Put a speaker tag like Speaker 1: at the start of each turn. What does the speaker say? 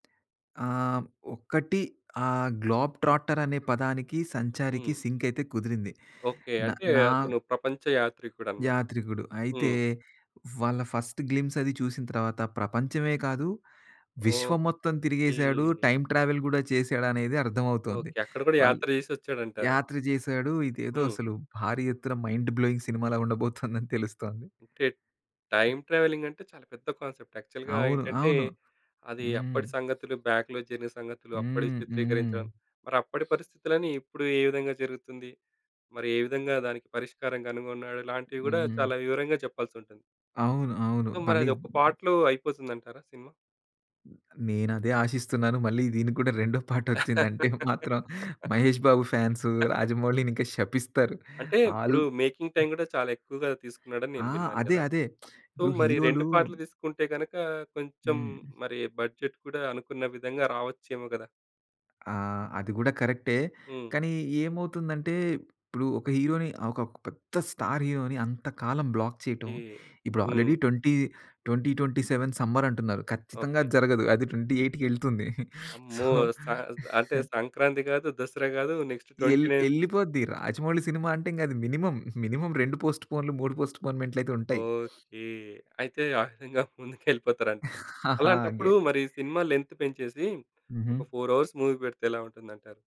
Speaker 1: ఆహ్, ఒక్కటి ఆహ్, గ్లోబ్ ట్రాక్టర్ అనే పదానికి సంచారికి
Speaker 2: హ్మ్.
Speaker 1: సింక్ అయితే కుదిరింది.
Speaker 2: ఓకే.
Speaker 1: న
Speaker 2: అంటే
Speaker 1: నా
Speaker 2: అతను ప్రపంచ యాత్రికుడనమాట.
Speaker 1: యాత్రికుడు. అయితే
Speaker 2: హ్మ్.
Speaker 1: వాళ్ళ ఫస్ట్ గ్లిమ్స్ అది చూసిన తర్వాత ప్రపంచమే కాదు. విశ్వం మొత్తం తిరిగేసాడు
Speaker 2: ఓకే.
Speaker 1: టైమ్ ట్రావెల్ కూడా చేసాడు అనేది అర్థమవుతుంది.
Speaker 2: ఓకే. అక్కడ కూడా
Speaker 1: ఆల్
Speaker 2: యాత్ర చేసి వచ్చాడంటారు.
Speaker 1: యాత్ర చేసాడు ఇదేదో
Speaker 2: హ్మ్.
Speaker 1: అసలు భారీ ఎత్తున మైండ్ బ్లోయింగ్ సినిమాలా ఉండబోతుందని తెలుస్తోంది.
Speaker 2: టే టైమ్ ట్రావెలింగ్ అంటే చాలా పెద్ద కాన్సెప్ట్. యాక్చువల్‌గా
Speaker 1: అవును.
Speaker 2: ఏంటంటే
Speaker 1: అవును.
Speaker 2: అది
Speaker 1: హ్మ్.
Speaker 2: అప్పటి సంగతులు బాక్లో జరిగిన సంగతులు అప్పటి
Speaker 1: హ్మ్ హ్మ్.
Speaker 2: చిత్రీకరించడం. మరి అప్పటి పరిస్థితులని ఇప్పుడు ఏ విధంగా జరుగుతుంది? మరి ఏ విధంగా దానికి పరిష్కారం కనుగొన్నాడు ఇలాంటివి కూడా
Speaker 1: హ్మ్.
Speaker 2: చాలా వివరంగా చెప్పాల్సుంటుంది.
Speaker 1: అవును. అవును.
Speaker 2: సో, మరి
Speaker 1: మళ్ళీ
Speaker 2: అది ఒక్క పార్ట్‌లో అయిపోతుంది అంటారా సినిమా?
Speaker 1: నేను అదే ఆశిస్తున్నాను. మళ్ళీ దీనికి కూడా రెండో పాట వచ్చిందంటే మాత్రం 'మహేష్ బాబు' ఫాన్సు 'రాజమౌళిని' ఇంకా శపిస్తారు.
Speaker 2: అంటే
Speaker 1: ఆల్
Speaker 2: ఇప్పుడు మేకింగ్ టైమ్ కూడా చాలా ఎక్కువగా తీసుకున్నాడని
Speaker 1: ఆ!
Speaker 2: నేను విన్నాను
Speaker 1: అదే
Speaker 2: కదా!
Speaker 1: అదే.
Speaker 2: సో
Speaker 1: ఇప్పుడు
Speaker 2: మరి
Speaker 1: హీరోలు
Speaker 2: 2 పాటలు తీసుకుంటే గనక కొంచెం
Speaker 1: హ్మ్.
Speaker 2: మరి బడ్జెట్ కూడా అనుకున్న విధంగా రావచ్చేమో కదా!
Speaker 1: ఆ! అది కూడా కరెక్టే.
Speaker 2: హ్మ్.
Speaker 1: కానీ ఏమవుతుందంటే, ఇప్పుడు ఒక హీరో‌ని ఒక పెద్ద స్టార్ హీరో‌ని అంత కాలం బ్లాక్ చేయటం.
Speaker 2: ఈ
Speaker 1: ఇప్పుడు
Speaker 2: హ్మ్.
Speaker 1: ఆల్రెడీ 20, 2027 సమ్మర్ అంటున్నారు. ఖచ్చితంగా
Speaker 2: ఓకే.
Speaker 1: అది జరగదు అది ట్వెంటీ ఎయిట్‌కెళ్తుంది సో
Speaker 2: అమ్మో! స అంటే సంక్రాంతి కాదు, దసరా కాదు నెక్స్ట్ ట్వెంటీ
Speaker 1: యేళ్ళి
Speaker 2: నైన్
Speaker 1: యేళ్ళిపోద్ది. రాజమౌళి సినిమా అంటే ఇంగది మినిమమ్. మినిమమ్ 2 పోస్ట్ పోన్‌‌లు 3 పోస్ట్ పోన్‌ మెంట్లు అయితే ఉంటాయి.
Speaker 2: ఓకే. అయితే ఆ విధంగా ముందుకు వెళ్ళిపోతారంట.
Speaker 1: అగే
Speaker 2: అలాంటప్పుడు మరి సినిమా లెంత్ పెంచేసి,
Speaker 1: హుహు.
Speaker 2: ఒక 4 హౌర్స్ మూవీ పెడితే ఎలా ఉంటుందంటారు?